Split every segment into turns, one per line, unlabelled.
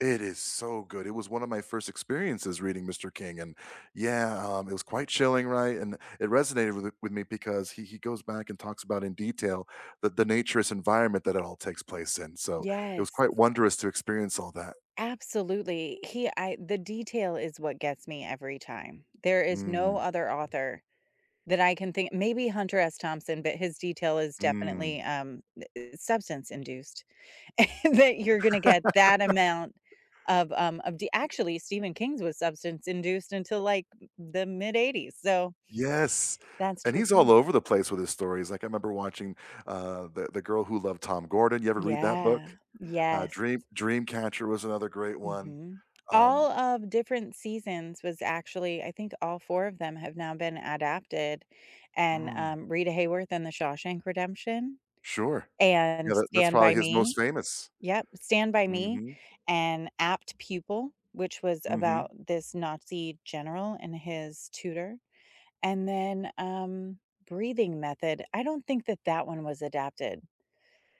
It is so good. It was one of my first experiences reading Mr. King, and yeah, um, it was quite chilling, right? And it resonated with th with me because he he goes back and talks about in detail that the naturous environment that it all takes place in. So it was
Yes.
quite wondrous to experience all that.
Absolutely. He I the detail is what gets me every time. There is no
Mm.
other author that I can think maybe Hunter S. Thompson, but his detail is
Mm.
definitely, um, eh eh, substance-induced, that you're gonna get that amount of, um of the actually Stephen King's was substance-induced until, like, the mid-eighties, so
Yes,
That's
and
true
he's
too.
all over the place with his stories, like, I remember watching, uh, The The Girl Who Loved Tom Gordon, you ever read that book?
Yeah,
Uh,
yes.
Dream Dreamcatcher was another great one,
Mhm.
um
All of different seasons was actually, I think all 4 of them have now been adapted, and,
Mm.
um, Rita Hayworth in The Shawshank Redemption,
Sure,
and
yeah, that that's
Stand
probably
By
his most
Me.
famous.
Yep, Stand By Me,
Mhm.
and Apt Pupil, which was about
Mhm.
this Nazi general and his tutor, and then, um, Breathing Method. I don't think that that one was adapted.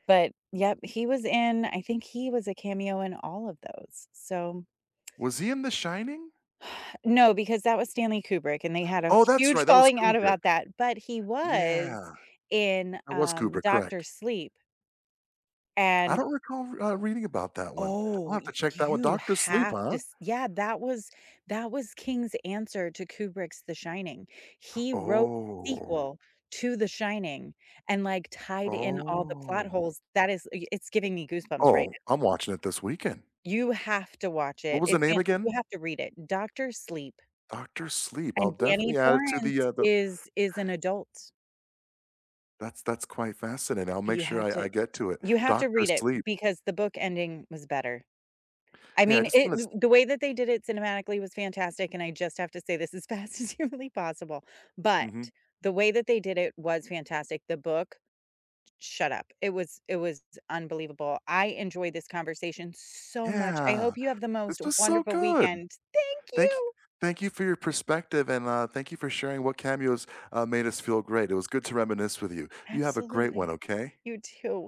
But yep, he was in I think he was a cameo in all of those, so.
Was he in The Shining?
No, because that was Stanley Kubrick, and they had a
Oh, that's
huge
right, that was
falling out
Kubrick.
about that, but he was
Yeah.
in,
That was
um,
Kubrick,
Doctor
correct.
Sleep.
I
And
don't recall, uh, reading about that one. I'll
Oh,
have to check that o
you
Doctor Sleep,
have to
huh?
s yeah, that was that was King's answer to Kubrick's The Shining. He wrote a
Oh.
sequel to The Shining and like tied in all the plot
Oh.
holes, that is y it's giving me goosebumps right
Oh,
now.
I'm watching it this weekend.
You have to watch
What
it.
was the
It's
name
fan you
again?
have to read it, Doctor Sleep.
Doctor Sleep, I'll
And Danny
definitely add it to the,
Torrance
uh, the
is is an adult.
That's that's quite fascinating. I'll make
You
sure
have
I
to
I get to it.
you have to
Doctor
read it
Sleep.
because the book ending was better. I
Hey, I
mean,
just
it
wanna s
th the way that they did it cinematically was fantastic, and I just have to say this as fast as humanly possible, but
Mhm.
the way that they did it was fantastic. The book s shut up, it was, it was unbelievable. I enjoyed this conversation so much. I
Yeah,
hope you have the
this
most
was so
wonderful
good.
weekend. Thank
Thank y
you.
thank you for your perspective, and, uh, thank you for sharing what cameos, uh, made us feel great. It was good to reminisce with you. You have a great
Absolutely.
one, okay?
You too.